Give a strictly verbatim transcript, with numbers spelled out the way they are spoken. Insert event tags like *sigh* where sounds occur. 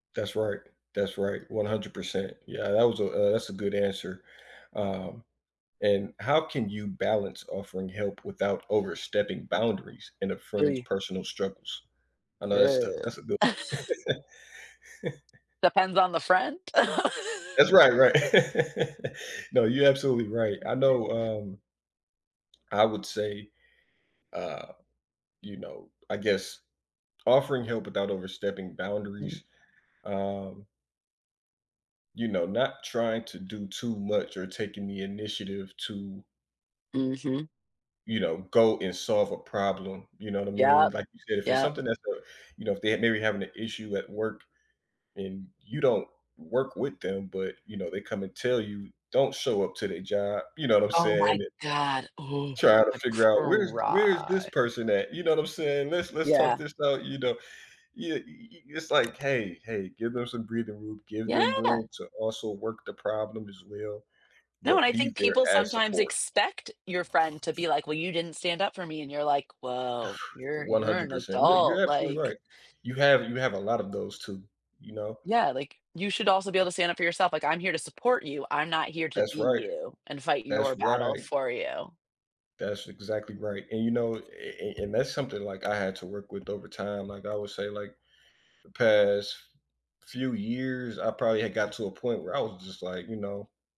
That's right that's right, a hundred percent. Yeah, that was a uh, that's a good answer, um, and how can you balance offering help without overstepping boundaries in a friend's Really. personal struggles? I know that's the Yeah. that's a good no *laughs* *chuckles* Depends on the friend. *laughs* That's right right, *laughs* no, you're absolutely right, I know, um I would say, uh, you know I guess offering help without overstepping Mm. boundaries, um You know, not trying to do too much, or taking the initiative to Mhm. you know, go and solve a problem, you know what I mean, Yep, like you said," if it's yep. something that's uh," you know, if they're maybe having an issue at work, and you don't work with them, but, you know, they come and tell you, don't show up to their job, you know what I'm Oh my saying i god, ooh, Trying to I'd figure out "Where's where's this cry. person at?" You know what I'm saying, let's let's talk Yeah. this out, you know, you, y y it's like, "Hey hey" give them some breathing room, give them Yeah! room to also work the problem as well, No, and but I be think there people as sometimes support. expect your friend to be like, "Well, you didn't stand up for me," and you're like, "Whoa, *exhales* you're one you're hundred an percent, you know, adult," you're absolutely like right, you have you have a lot of those too, you know. Yeah, like, you should also be able to stand up for yourself, like, I'm here to support you, I'm not here to That's be right you, and fight your that's battle right. for you. That's exactly right, and you know, and and and that's something, like, I had to work with over time. Like, I would say, like, the past f few years, I probably had gotten to a point where I was just like, you know